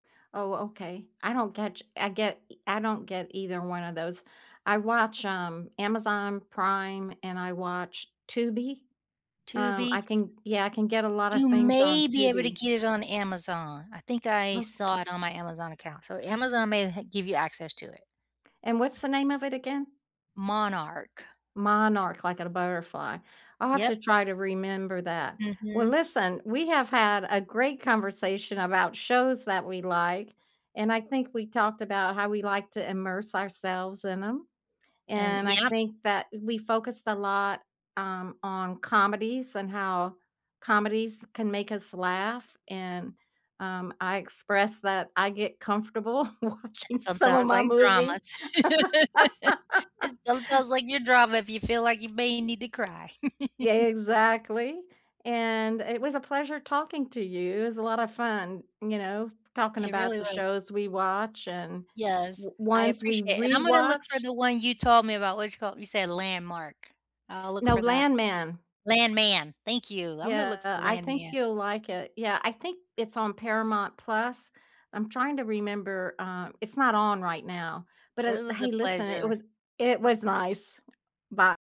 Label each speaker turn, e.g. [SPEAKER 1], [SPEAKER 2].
[SPEAKER 1] Oh, okay. I don't get ch I get i I don't get either one of those. I watch, um, Amazon Prime and I watch Tubi. Um,
[SPEAKER 2] Tubi.
[SPEAKER 1] I can yeah, I can get a lot
[SPEAKER 2] You
[SPEAKER 1] of things on
[SPEAKER 2] may be able to
[SPEAKER 1] Tubi.
[SPEAKER 2] get it on Amazon. I think I
[SPEAKER 1] Look
[SPEAKER 2] saw it on my Amazon account. So Amazon may ha give you access to it.
[SPEAKER 1] And what's the name of it again?
[SPEAKER 2] Monarch.
[SPEAKER 1] Monarch, like in a butterfly. I'll have
[SPEAKER 2] Yep.
[SPEAKER 1] to try to remember that. Well,
[SPEAKER 2] Mhm.
[SPEAKER 1] listen, we have had a great conversation about shows that we like, and I think we talked about how we like to immerse ourselves in 'em,
[SPEAKER 2] And
[SPEAKER 1] and I
[SPEAKER 2] Yep.
[SPEAKER 1] think that we focused a lot, um, on comedies and how comedies can make us laugh, and, um, I expressed that I get comfortable
[SPEAKER 2] And then
[SPEAKER 1] watching some of
[SPEAKER 2] sometimes
[SPEAKER 1] my
[SPEAKER 2] like
[SPEAKER 1] movies.
[SPEAKER 2] dramas. And sometimes like your drama if you feel like you may need to cry.
[SPEAKER 1] Yeah, exactly, and it was a pleasure talking to you. It's a lot of fun, you know, talking
[SPEAKER 2] It really
[SPEAKER 1] about the
[SPEAKER 2] was.
[SPEAKER 1] shows we watch and
[SPEAKER 2] Yes,
[SPEAKER 1] o
[SPEAKER 2] I
[SPEAKER 1] ones we
[SPEAKER 2] appreciate it, and I'm gonna look for
[SPEAKER 1] rewatch
[SPEAKER 2] the one you told me about. What's it called? You said Landmark. I'll look
[SPEAKER 1] No,
[SPEAKER 2] for that.
[SPEAKER 1] Landman.
[SPEAKER 2] Landman. Thank you. I'm gonna look
[SPEAKER 1] Yeah,
[SPEAKER 2] for
[SPEAKER 1] I think
[SPEAKER 2] Landman.
[SPEAKER 1] you'll like it. Yeah, I think it's on Paramount+. I'm trying to remember, uh It's not on right now. But
[SPEAKER 2] Oh, it
[SPEAKER 1] at l
[SPEAKER 2] was a
[SPEAKER 1] Hey, listen, it
[SPEAKER 2] pleasure.
[SPEAKER 1] was i it was nice. Bye